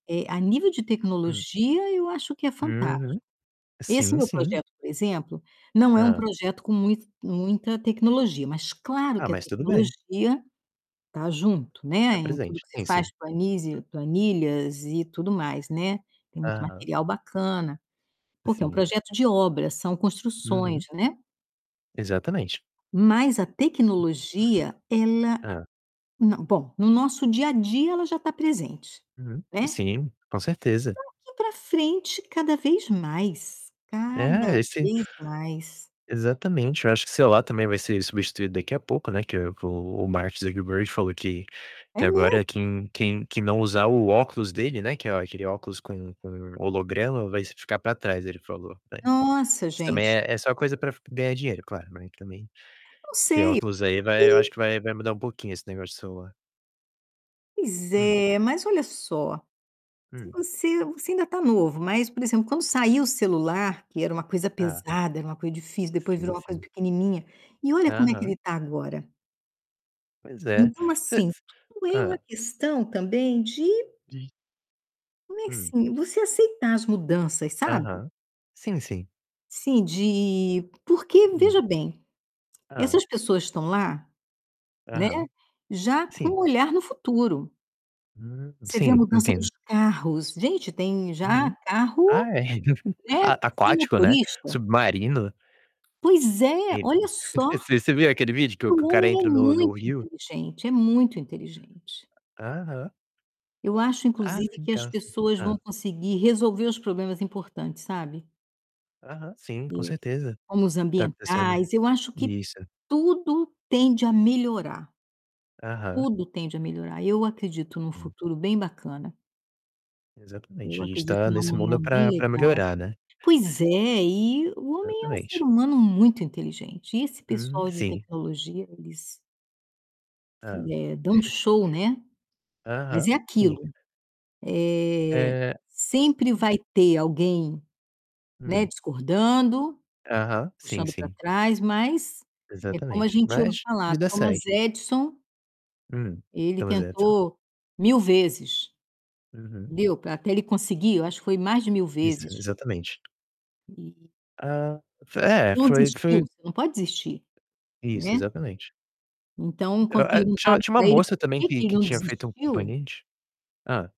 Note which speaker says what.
Speaker 1: Eh, a nível de
Speaker 2: Hum.
Speaker 1: tecnologia, eu acho que é
Speaker 2: Uhum.
Speaker 1: fantástico. Esse
Speaker 2: Sim,
Speaker 1: meu
Speaker 2: sim.
Speaker 1: projeto, por exemplo, não é um
Speaker 2: Hã.
Speaker 1: projeto com mui muita tecnologia, mas claro
Speaker 2: Ah,
Speaker 1: que a
Speaker 2: mas tudo bem.
Speaker 1: tecnologia tá junto, né.
Speaker 2: Tá
Speaker 1: Em tudo
Speaker 2: presente.
Speaker 1: que se
Speaker 2: Sim,
Speaker 1: faz,
Speaker 2: sim.
Speaker 1: planizi planilhas e tudo mais, né. Tem muito
Speaker 2: Aham.
Speaker 1: material bacana, porque é um
Speaker 2: Sim.
Speaker 1: projeto de obras; são construções,
Speaker 2: Uhum.
Speaker 1: né.
Speaker 2: Exatamente.
Speaker 1: Mas a tecnologia, ela
Speaker 2: Hã.
Speaker 1: não, bom, no nosso dia a dia, ela já tá presente,
Speaker 2: Uhum.
Speaker 1: né.
Speaker 2: Sim, com certeza.
Speaker 1: Daqui pra frente, cada vez mais, cada
Speaker 2: É, esse
Speaker 1: vez mais.
Speaker 2: Exatamente. Eu acho que celular também vai ser substituído daqui a pouco, né, que o o Mark Zuckerberg falou que
Speaker 1: É
Speaker 2: que agora
Speaker 1: mesmo?
Speaker 2: quem quem quem não usar o óculos dele, né, que a aquele óculos com com holograma vai s ficar pra trás, ele falou, né.
Speaker 1: Nossa,
Speaker 2: Isso também
Speaker 1: gente.
Speaker 2: é é só coisa pra f ganhar dinheiro, claro, né, também.
Speaker 1: Não
Speaker 2: Esse
Speaker 1: sei.
Speaker 2: óculos aí vai eu acho
Speaker 1: [unintelligible]
Speaker 2: que vai vai mudar um pouquinho esse negócio de celular.
Speaker 1: Pois
Speaker 2: Hum.
Speaker 1: é. Mas olha só, se
Speaker 2: Hum.
Speaker 1: você você ainda tá novo. Mas, por exemplo, quando saiu o celular, que era uma coisa
Speaker 2: É.
Speaker 1: pesada, era uma coisa difícil, depois
Speaker 2: Sim,
Speaker 1: virou uma coisa
Speaker 2: sim.
Speaker 1: pequenininha, e olha como é que
Speaker 2: Aham.
Speaker 1: ele tá agora.
Speaker 2: Pois é.
Speaker 1: Então,
Speaker 2: Se
Speaker 1: assim,
Speaker 2: s
Speaker 1: tudo é uma
Speaker 2: hã.
Speaker 1: questão também de
Speaker 2: Diz
Speaker 1: mas,
Speaker 2: Hum.
Speaker 1: assim, você aceitar as mudanças, sabe.
Speaker 2: Aham. Sim, sim.
Speaker 1: Sim, de porque
Speaker 2: Hum.
Speaker 1: veja bem,
Speaker 2: Hã.
Speaker 1: essas pessoas estão lá, né,
Speaker 2: Aham.
Speaker 1: já com
Speaker 2: Sim.
Speaker 1: o olhar no futuro.
Speaker 2: Hum,
Speaker 1: Você vê a
Speaker 2: sim,
Speaker 1: mudança nos
Speaker 2: entendo.
Speaker 1: carros. Gente, tem já
Speaker 2: Uhum.
Speaker 1: carro,
Speaker 2: Ah, é
Speaker 1: né,
Speaker 2: ah, tá,
Speaker 1: sem
Speaker 2: aquático, né.
Speaker 1: motorista.
Speaker 2: Submarino.
Speaker 1: Pois é,
Speaker 2: Eh pô.
Speaker 1: olha só!
Speaker 2: Você você viu aquele vídeo que o
Speaker 1: O
Speaker 2: que o cara
Speaker 1: homem é
Speaker 2: entra no no
Speaker 1: muito
Speaker 2: rio?
Speaker 1: inteligente, é muito inteligente.
Speaker 2: Aham.
Speaker 1: Eu acho,
Speaker 2: Ah,
Speaker 1: inclusive,
Speaker 2: sim,
Speaker 1: que as
Speaker 2: claro, sim.
Speaker 1: pessoas vão
Speaker 2: Hã.
Speaker 1: conseguir resolver os problemas importantes, sabe?
Speaker 2: Aham, sim, com
Speaker 1: Eh,
Speaker 2: certeza.
Speaker 1: como os
Speaker 2: Tá acontecendo
Speaker 1: ambientais. Eu acho que
Speaker 2: Isso.
Speaker 1: tudo tende a melhorar.
Speaker 2: Aham.
Speaker 1: Tudo tende a melhorar. Eu acredito num
Speaker 2: Hum.
Speaker 1: futuro bem bacana. Eu
Speaker 2: Exatamente. A gente
Speaker 1: acredito
Speaker 2: tá
Speaker 1: num
Speaker 2: nesse
Speaker 1: amanhã
Speaker 2: mundo pra
Speaker 1: bem
Speaker 2: pra
Speaker 1: legal.
Speaker 2: melhorar, né.
Speaker 1: Pois é, e o homem é um ser
Speaker 2: Exatamente.
Speaker 1: humano muito inteligente. E esse
Speaker 2: Uhum,
Speaker 1: pessoal de
Speaker 2: sim.
Speaker 1: tecnologia, eles fe
Speaker 2: Hã.
Speaker 1: eh, dão show, né. Mas
Speaker 2: Aham,
Speaker 1: é
Speaker 2: sim.
Speaker 1: aquilo, eh,
Speaker 2: Eh
Speaker 1: sempre vai ter alguém, né,
Speaker 2: Hum.
Speaker 1: discordando,
Speaker 2: Aham, sim,
Speaker 1: puxando pra
Speaker 2: sim.
Speaker 1: trás. Mas é como a
Speaker 2: Exatamente.
Speaker 1: gente ouve
Speaker 2: Mas
Speaker 1: falar:
Speaker 2: vida
Speaker 1: Thomas
Speaker 2: segue.
Speaker 1: Edison
Speaker 2: Hum.
Speaker 1: ele
Speaker 2: Thomas Edison.
Speaker 1: tentou 1.000 vezes,
Speaker 2: Uhum.
Speaker 1: entendeu, pra até ele conseguir, eu acho que foi mais de 1.000
Speaker 2: Isso,
Speaker 1: vezes
Speaker 2: exatamente.
Speaker 1: e
Speaker 2: Ah, f é,
Speaker 1: não
Speaker 2: foi
Speaker 1: desistiu.
Speaker 2: foi
Speaker 1: Você não pode desistir,
Speaker 2: Isso,
Speaker 1: né.
Speaker 2: exatamente.
Speaker 1: Então,
Speaker 2: Hã,
Speaker 1: quando
Speaker 2: eh, tinha
Speaker 1: perguntaram
Speaker 2: tinha uma
Speaker 1: pra ele por
Speaker 2: moça também
Speaker 1: que
Speaker 2: que
Speaker 1: que ele
Speaker 2: que
Speaker 1: não
Speaker 2: tinha feito um
Speaker 1: desistiu
Speaker 2: componente Hã.